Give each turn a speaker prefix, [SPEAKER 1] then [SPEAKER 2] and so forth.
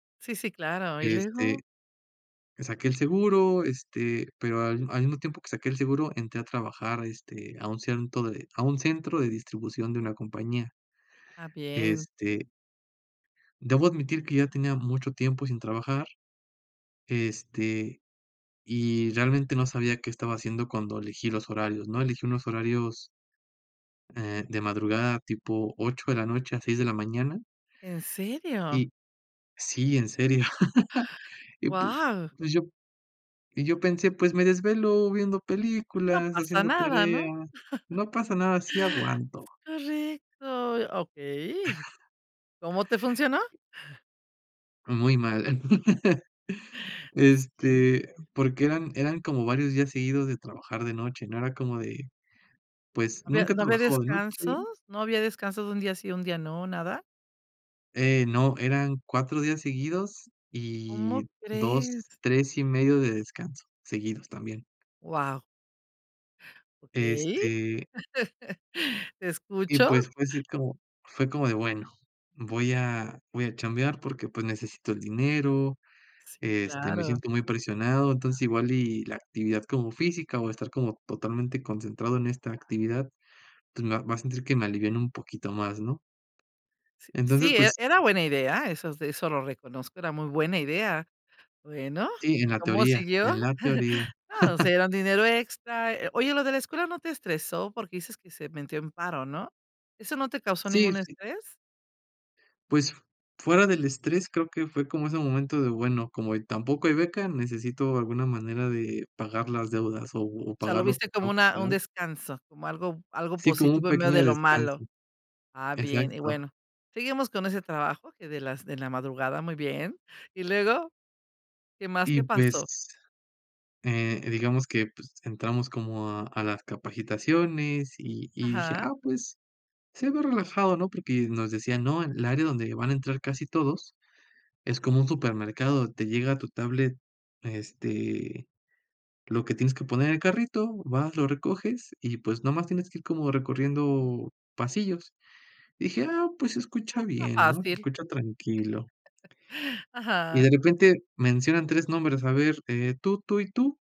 [SPEAKER 1] Sí, sí, claro, ¿y luego?
[SPEAKER 2] Este, saqué el seguro, este, pero al al mismo tiempo que saqué el seguro entré a trabajar, este, a un centro de a un centro de distribución de una compañía.
[SPEAKER 1] Ah, bien.
[SPEAKER 2] Este debo admitir que ya tenía mucho tiempo sin trabajar, este, y realmente no sabía qué estaba haciendo cuando elegí los horarios, ¿no? Elegí unos horarios eh, de madrugada, tipo 8 de la noche a 6 de la mañana.
[SPEAKER 1] ¿En serio?
[SPEAKER 2] Y sí, en serio. Y pu
[SPEAKER 1] ¡Guau!
[SPEAKER 2] pues yo y yo pensé, pues me desvelo viendo
[SPEAKER 1] No
[SPEAKER 2] películas,
[SPEAKER 1] pasa
[SPEAKER 2] haciendo
[SPEAKER 1] nada, ¿no?
[SPEAKER 2] tareas. No pasa nada, sí aguanto.
[SPEAKER 1] Correcto. Okey, ¿cómo te funcionó?
[SPEAKER 2] Muy mal.
[SPEAKER 1] Sí.
[SPEAKER 2] Este,
[SPEAKER 1] [unintelligible]
[SPEAKER 2] porque eran eran como varios días seguidos de trabajar de noche, ¿no?, era como de, pues,
[SPEAKER 1] ¿No había
[SPEAKER 2] nunca he
[SPEAKER 1] no había
[SPEAKER 2] trabajado de noche
[SPEAKER 1] descansos? ¿No había descansos de un día sí, un día no, nada?
[SPEAKER 2] Eh, no, eran 4 días seguidos
[SPEAKER 1] ¿Cómo
[SPEAKER 2] y 2,
[SPEAKER 1] crees?
[SPEAKER 2] 3 y medio de descanso seguidos también.
[SPEAKER 1] Guau. Okey.
[SPEAKER 2] Este
[SPEAKER 1] Te
[SPEAKER 2] y
[SPEAKER 1] escucho.
[SPEAKER 2] pues fue así como fue como de: "Bueno, voy a voy a chambear porque, pues, necesito el dinero,
[SPEAKER 1] Sí,
[SPEAKER 2] este, me
[SPEAKER 1] claro.
[SPEAKER 2] siento muy presionado, entonces igual y la actividad como física o estar como totalmente concentrado en esta actividad, entonces voy a sentir que me aliviana un poquito más", ¿no?
[SPEAKER 1] Si
[SPEAKER 2] Entonces,
[SPEAKER 1] sí, e
[SPEAKER 2] pues
[SPEAKER 1] era buena idea, eso eso lo reconozco, era muy buena idea. Bueno,
[SPEAKER 2] Sí, en
[SPEAKER 1] ¿y
[SPEAKER 2] la
[SPEAKER 1] cómo
[SPEAKER 2] teoría,
[SPEAKER 1] siguió?
[SPEAKER 2] en la teoría.
[SPEAKER 1] No, o sea, era un dinero extra, eh oye, ¿lo de la escuela no te estresó? Porque dices que se metió en paro, ¿no? ¿Eso no te causó
[SPEAKER 2] Sí,
[SPEAKER 1] ningún
[SPEAKER 2] sí.
[SPEAKER 1] estrés?
[SPEAKER 2] Pues, fuera del estrés, creo que fue como ese momento de: "Bueno, como tampoco hay beca, necesito alguna manera de pagar las deudas o o
[SPEAKER 1] O sea, lo
[SPEAKER 2] pagar lo que
[SPEAKER 1] viste como
[SPEAKER 2] tengo que
[SPEAKER 1] una un
[SPEAKER 2] pagar".
[SPEAKER 1] descanso, como algo algo
[SPEAKER 2] Sí, como un
[SPEAKER 1] positivo en medio de
[SPEAKER 2] pequeño
[SPEAKER 1] lo
[SPEAKER 2] descanso.
[SPEAKER 1] malo. Ah, bien, y
[SPEAKER 2] Exacto.
[SPEAKER 1] bueno, seguimos con ese trabajo que de las de la madrugada, muy bien, ¿y luego? ¿Qué más
[SPEAKER 2] Y,
[SPEAKER 1] te pasó?
[SPEAKER 2] pues eh, digamos que, pues entramos como a a las capacitaciones y y dije:
[SPEAKER 1] Ajá.
[SPEAKER 2] "Ah, pues se ve relajado, ¿no?". Porque nos decían: "No, el área donde van a entrar casi todos es como un supermercado, te llega a tu tablet, este, lo que tienes que poner en el carrito, vas, lo recoges y, pues, nomás tienes que ir como recorriendo pasillos". Dije: "Ah, pues se escucha
[SPEAKER 1] Ah, está
[SPEAKER 2] bien, ¿no?, se
[SPEAKER 1] fácil.
[SPEAKER 2] escucha tranquilo". Y
[SPEAKER 1] Ajá.
[SPEAKER 2] de repente mencionan 3 nombres, a ver, eh, tú, tú y tú.